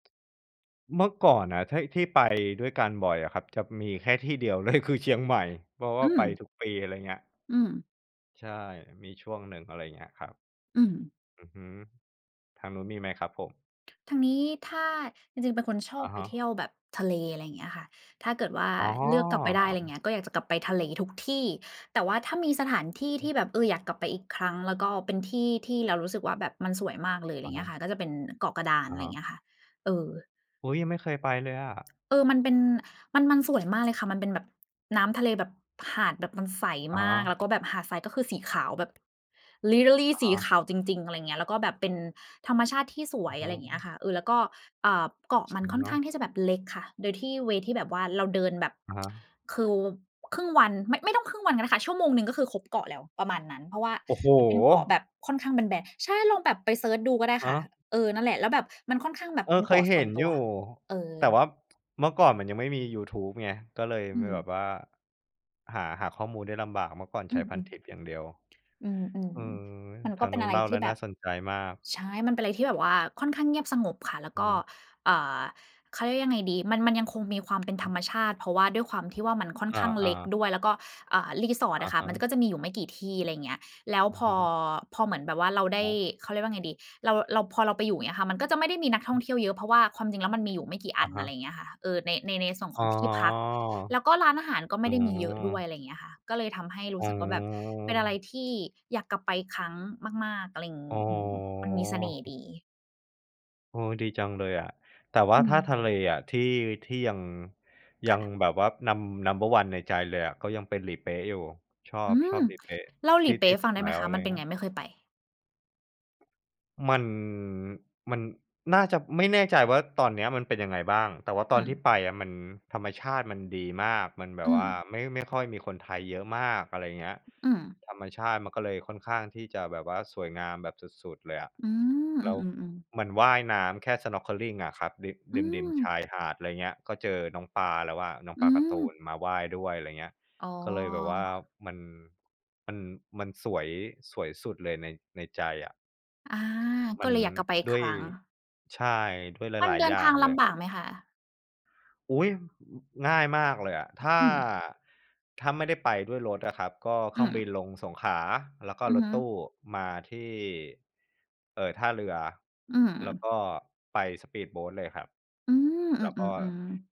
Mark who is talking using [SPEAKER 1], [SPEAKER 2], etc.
[SPEAKER 1] เมื่อก่อนน่ะ ท ที่ ไปด้วยกันบ่อยอะครับ จะมีแค่ที่เดียว เลย คือเชียงใหม่ เพราะว
[SPEAKER 2] อ
[SPEAKER 1] ่
[SPEAKER 2] ื
[SPEAKER 1] าไป
[SPEAKER 2] ม
[SPEAKER 1] ทุกปี อะไรอย่างเงี้ย
[SPEAKER 2] อืม
[SPEAKER 1] ใช่ มีช่วงหนึ่ง อะไรอย่างเงี้ยครับ
[SPEAKER 2] อืม
[SPEAKER 1] อือฮึ ทางนู้นมีไหมครับผม?
[SPEAKER 2] ท ทางนี้ถ้า จริง ๆ เป็นคนช
[SPEAKER 1] อ
[SPEAKER 2] อบ
[SPEAKER 1] ะ
[SPEAKER 2] ไ
[SPEAKER 1] ฮ
[SPEAKER 2] ป
[SPEAKER 1] ะ
[SPEAKER 2] เที่ยวแบบทะเล อะไรอย่างเงี้ยค่ะ ถ้าเกิดว่า
[SPEAKER 1] อ๋
[SPEAKER 2] เลือกกลับไปได้ อะไรอย่าง
[SPEAKER 1] อ
[SPEAKER 2] เงี้ย ก็อยากจะกลับไปทะเลทุกที่ แต่ว่าถ้ามีสถานที่
[SPEAKER 1] อือ
[SPEAKER 2] ท
[SPEAKER 1] ฮ
[SPEAKER 2] ี่
[SPEAKER 1] ึ
[SPEAKER 2] แบบ เออ อยากกลับไปอีกครั้ง แล้วก็เป็นที่ที่เรารู้สึกว่า แบบมันสวยมากเลย อะไ
[SPEAKER 1] อ
[SPEAKER 2] รอย
[SPEAKER 1] ะ
[SPEAKER 2] ่างเ
[SPEAKER 1] ฮ
[SPEAKER 2] งี้ย
[SPEAKER 1] ะ
[SPEAKER 2] ค่ะ ก็จะเป็นเกาะกระดาน
[SPEAKER 1] อ
[SPEAKER 2] อ
[SPEAKER 1] ะ
[SPEAKER 2] ะไร
[SPEAKER 1] ฮ
[SPEAKER 2] อย่
[SPEAKER 1] ะ
[SPEAKER 2] างเงี้ยค่ะ เออ
[SPEAKER 1] อุ๊ย! ยังไม่เคยไปเลยอะ
[SPEAKER 2] เออ มันเป็น มัน มัน สวยมากเลยค่ะ มันเป็นแบบ น้ำทะเลแบบ หาดแบบมันใส
[SPEAKER 1] อะ
[SPEAKER 2] ม
[SPEAKER 1] ฮ
[SPEAKER 2] าก แล้ว
[SPEAKER 1] ะ
[SPEAKER 2] ก็แบบหาดทรายก็คือสีขาวแบบ Literally
[SPEAKER 1] อะ
[SPEAKER 2] ส
[SPEAKER 1] ฮ
[SPEAKER 2] ีข
[SPEAKER 1] ะ
[SPEAKER 2] าวจริง ๆ อะไรอย่างเงี้ย แล้วก็แบบเป็นธรรมชาติที่สว
[SPEAKER 1] อื
[SPEAKER 2] ย
[SPEAKER 1] อฮ
[SPEAKER 2] อะไรอย่างเงี้ย
[SPEAKER 1] ึ
[SPEAKER 2] ค่ะ เออ แล้วก็ อ่า เกาะมั
[SPEAKER 1] อ
[SPEAKER 2] น
[SPEAKER 1] ะ
[SPEAKER 2] ค่อ
[SPEAKER 1] ฮ
[SPEAKER 2] นข้าง
[SPEAKER 1] ะ
[SPEAKER 2] ที่จะแบบเล็กค่ะ โดยที่ เวย์ ที่แบบว่าเราเดินแบบ
[SPEAKER 1] อะฮะ
[SPEAKER 2] คือครึ่งวันไม่ ไม่ต้องครึ่งวันก็ได้ค่ะ ชั่วโมงหนึ่ง ก็คือครบเกาะแล้ว ประมาณนั้น เพราะว่า
[SPEAKER 1] โอ้โฮ!
[SPEAKER 2] มันเป็นเกาะแบบค่อนข้างแบน ๆ ใช่ ลองแบบไปเซิร์ชดูก็ได้
[SPEAKER 1] อะ
[SPEAKER 2] ค่ะ
[SPEAKER 1] ฮะ
[SPEAKER 2] เออ นั่นแหละ แล้วแบบมันค่อนข้างแบ
[SPEAKER 1] เ
[SPEAKER 2] บ
[SPEAKER 1] ออ
[SPEAKER 2] เป็น
[SPEAKER 1] เค
[SPEAKER 2] เกา
[SPEAKER 1] ย
[SPEAKER 2] ะ
[SPEAKER 1] เ
[SPEAKER 2] ส
[SPEAKER 1] ห
[SPEAKER 2] ่
[SPEAKER 1] ็
[SPEAKER 2] ว
[SPEAKER 1] น
[SPEAKER 2] นต
[SPEAKER 1] อย
[SPEAKER 2] ั
[SPEAKER 1] ู
[SPEAKER 2] ว
[SPEAKER 1] ่
[SPEAKER 2] เอ
[SPEAKER 1] แต่
[SPEAKER 2] อ
[SPEAKER 1] ว่า เมื่อก่อนมันยังไม่มียูทูบไง ก็เลย
[SPEAKER 2] อื
[SPEAKER 1] มีแบ
[SPEAKER 2] ม
[SPEAKER 1] บว่า หา หาข้อมูลได้ลำบาก เมื่อก่อนใ
[SPEAKER 2] อ
[SPEAKER 1] ช
[SPEAKER 2] ื
[SPEAKER 1] ้
[SPEAKER 2] อ
[SPEAKER 1] พันทิปอย่างเดียว
[SPEAKER 2] ๆ อื
[SPEAKER 1] อื
[SPEAKER 2] ม
[SPEAKER 1] ม
[SPEAKER 2] ๆ มัน
[SPEAKER 1] ท
[SPEAKER 2] ก
[SPEAKER 1] า
[SPEAKER 2] ็
[SPEAKER 1] ง
[SPEAKER 2] เป
[SPEAKER 1] น
[SPEAKER 2] ็น
[SPEAKER 1] ู้
[SPEAKER 2] อ
[SPEAKER 1] น
[SPEAKER 2] ะไร
[SPEAKER 1] เล่า
[SPEAKER 2] ท
[SPEAKER 1] แล
[SPEAKER 2] ี
[SPEAKER 1] ้
[SPEAKER 2] ่
[SPEAKER 1] ว
[SPEAKER 2] แบ
[SPEAKER 1] น่า
[SPEAKER 2] บ
[SPEAKER 1] สนใจมาก
[SPEAKER 2] ใช่ มันเป็นอะไรที่แบบว่าค่อนข้างเงียบสงบค่ะ แล้ว
[SPEAKER 1] อื
[SPEAKER 2] ก
[SPEAKER 1] อ
[SPEAKER 2] ็
[SPEAKER 1] ฮึ
[SPEAKER 2] อ่า เขา เรียกว่ายังไงดี มัน มันยังคงมีความ เป็น
[SPEAKER 1] อื
[SPEAKER 2] ธ
[SPEAKER 1] อ
[SPEAKER 2] ร
[SPEAKER 1] ฮี
[SPEAKER 2] รมชาติ เพราะว่าด้วยความที่ว่ามันค่อน
[SPEAKER 1] อ
[SPEAKER 2] ข้างเ
[SPEAKER 1] า
[SPEAKER 2] ล็กด
[SPEAKER 1] ๆ
[SPEAKER 2] ้วย แล้วก็ อ่า
[SPEAKER 1] อ
[SPEAKER 2] resort อ
[SPEAKER 1] ะ
[SPEAKER 2] ะค่
[SPEAKER 1] ฮ
[SPEAKER 2] ะ มันจ
[SPEAKER 1] ะ
[SPEAKER 2] ะ ก็จะมีอยู่ไม่กี่ที่ อะไรอย่างเงี้ย แล้ว
[SPEAKER 1] อื
[SPEAKER 2] พ
[SPEAKER 1] อฮ
[SPEAKER 2] อ
[SPEAKER 1] ึ
[SPEAKER 2] พอเหมือนแบบว่าเราได
[SPEAKER 1] ค
[SPEAKER 2] ้
[SPEAKER 1] รับ
[SPEAKER 2] เขาเรียกว่าไงดี เรา เรา พอเราไปอยู่ อย่างเงี้ยค่ะ มันก็จะไม่ได้มีนักท่องเที่ยวเยอะ เพราะว่าความจริงแล้วมันมีอยู่ไม่กี่
[SPEAKER 1] อ
[SPEAKER 2] อั
[SPEAKER 1] ะ
[SPEAKER 2] น
[SPEAKER 1] ฮ
[SPEAKER 2] อะไร
[SPEAKER 1] ะ
[SPEAKER 2] อย่างเงี้ยค่ะ เอ่อ ใน ใน ในส่วน
[SPEAKER 1] อ๋
[SPEAKER 2] ข
[SPEAKER 1] อ
[SPEAKER 2] องที่พัก แล้วก็ร้านอาหารก็ไ
[SPEAKER 1] อ
[SPEAKER 2] ม
[SPEAKER 1] ื
[SPEAKER 2] ่ได้มีเยอะด้วย
[SPEAKER 1] ม
[SPEAKER 2] อะไรอย่างเงี้ยอะค่ะ ก็เลยทำให้ร
[SPEAKER 1] อ
[SPEAKER 2] ู
[SPEAKER 1] ๋
[SPEAKER 2] ้สึกว่าแบบเป็นอะไร
[SPEAKER 1] อ
[SPEAKER 2] ที่อยากกลับไปครั้งมาก ๆ อะไรอย่างง
[SPEAKER 1] อ
[SPEAKER 2] ี
[SPEAKER 1] ๋
[SPEAKER 2] ้
[SPEAKER 1] อ
[SPEAKER 2] อืม มันมีเสน่ห์ดี
[SPEAKER 1] เออ ดีจังเลยอะ แต่ว
[SPEAKER 2] อ
[SPEAKER 1] ่า
[SPEAKER 2] ื
[SPEAKER 1] ถ้าทะ
[SPEAKER 2] ม
[SPEAKER 1] เลอะ ที่ ที่ยัง ย
[SPEAKER 2] ค
[SPEAKER 1] ั
[SPEAKER 2] ่ะ
[SPEAKER 1] งแบบว่า num number one ในใจเลยอะ ก็ยังเป็นหลีเป๊ะอยู่ ชอ
[SPEAKER 2] อื
[SPEAKER 1] บ ชอ
[SPEAKER 2] ม
[SPEAKER 1] บหลีเป๊ะ
[SPEAKER 2] เล่าหล
[SPEAKER 1] ท
[SPEAKER 2] ี
[SPEAKER 1] ี่
[SPEAKER 2] เป
[SPEAKER 1] ท
[SPEAKER 2] ๊
[SPEAKER 1] ี
[SPEAKER 2] ะใ
[SPEAKER 1] ่
[SPEAKER 2] ห้
[SPEAKER 1] ส
[SPEAKER 2] ฟั
[SPEAKER 1] ุ
[SPEAKER 2] ง
[SPEAKER 1] ด
[SPEAKER 2] ได้
[SPEAKER 1] แ
[SPEAKER 2] ไ
[SPEAKER 1] ล
[SPEAKER 2] ห
[SPEAKER 1] ้
[SPEAKER 2] ม
[SPEAKER 1] ว
[SPEAKER 2] ค
[SPEAKER 1] อ
[SPEAKER 2] ะ?
[SPEAKER 1] ะไร
[SPEAKER 2] มั
[SPEAKER 1] อ
[SPEAKER 2] น
[SPEAKER 1] ย่า
[SPEAKER 2] เป
[SPEAKER 1] ง
[SPEAKER 2] ็น
[SPEAKER 1] นี
[SPEAKER 2] ไ
[SPEAKER 1] ้
[SPEAKER 2] ง? ไม่เคยไป
[SPEAKER 1] มัน มันน่าจะ ไม่แน่ใจว่าตอนนี้มันเป็นยังไงบ้าง แต่ว่าต
[SPEAKER 2] อื
[SPEAKER 1] อนที่
[SPEAKER 2] ม
[SPEAKER 1] ไปอะ มัน ธรรมชาติมันดีมาก มันแบ
[SPEAKER 2] อื
[SPEAKER 1] บว่า
[SPEAKER 2] ม
[SPEAKER 1] ไม่ ไม่ค่อยมีคนไทยเยอะมาก อะไรอย่างเงี้ย
[SPEAKER 2] อืม
[SPEAKER 1] ธรรมชาติมันก็เลยค่อนข้างที่จะแบบว่าสวยงามแบบสุด ๆ เลยอะ
[SPEAKER 2] อืม
[SPEAKER 1] แ
[SPEAKER 2] อ
[SPEAKER 1] ล
[SPEAKER 2] ื
[SPEAKER 1] ้ว
[SPEAKER 2] อ ๆ ๆ
[SPEAKER 1] มันว่ายน้ำแค่ snorkeling อะครับริ
[SPEAKER 2] อื
[SPEAKER 1] ม ริม ๆ ช
[SPEAKER 2] ม
[SPEAKER 1] ายหาด อะไรเงี้ย ก็เจอน้องปลาแล้วอะ น้อง
[SPEAKER 2] อ
[SPEAKER 1] ป
[SPEAKER 2] ื
[SPEAKER 1] ลาการ์ตู
[SPEAKER 2] ม
[SPEAKER 1] นมาว่ายด้วย อะไรอย่างเงี้ย
[SPEAKER 2] อ๋อ
[SPEAKER 1] ก็เลยแบบว่า มัน มัน-มันสวย สวยสุดเลยใน ในใจอะ
[SPEAKER 2] อา
[SPEAKER 1] ม
[SPEAKER 2] ก
[SPEAKER 1] ั
[SPEAKER 2] ็
[SPEAKER 1] น
[SPEAKER 2] เลยอยากกลับไปอีก
[SPEAKER 1] ด้
[SPEAKER 2] ค
[SPEAKER 1] วย
[SPEAKER 2] รั้ง
[SPEAKER 1] ใช่ ด้วย
[SPEAKER 2] มั
[SPEAKER 1] ห
[SPEAKER 2] น
[SPEAKER 1] ลาย
[SPEAKER 2] เดิ
[SPEAKER 1] ๆ อ
[SPEAKER 2] น
[SPEAKER 1] ย่
[SPEAKER 2] ท
[SPEAKER 1] า
[SPEAKER 2] า
[SPEAKER 1] ง
[SPEAKER 2] ง
[SPEAKER 1] เ
[SPEAKER 2] ล
[SPEAKER 1] ลย
[SPEAKER 2] ำบากไหมคะ?
[SPEAKER 1] อุ๊ย! อ ง่ายมากเลยอะ ถ้า
[SPEAKER 2] อืม
[SPEAKER 1] ถ้าไม่ได้ไปด้วยรถอะครับ ก็เค
[SPEAKER 2] อ
[SPEAKER 1] ร
[SPEAKER 2] ื
[SPEAKER 1] ื่องบิ
[SPEAKER 2] ม
[SPEAKER 1] นลงสงขลา แล้วก็
[SPEAKER 2] อื
[SPEAKER 1] ร
[SPEAKER 2] อ
[SPEAKER 1] ถ
[SPEAKER 2] ฮึ
[SPEAKER 1] ตู้มาที่ เอ่อ ท่าเรือ
[SPEAKER 2] อื
[SPEAKER 1] แล้ว
[SPEAKER 2] ม
[SPEAKER 1] ก็ไปสปีดโบตเลยครับ
[SPEAKER 2] อืม
[SPEAKER 1] แ
[SPEAKER 2] อ
[SPEAKER 1] ล้วก
[SPEAKER 2] ื
[SPEAKER 1] ็
[SPEAKER 2] อ ๆ ๆ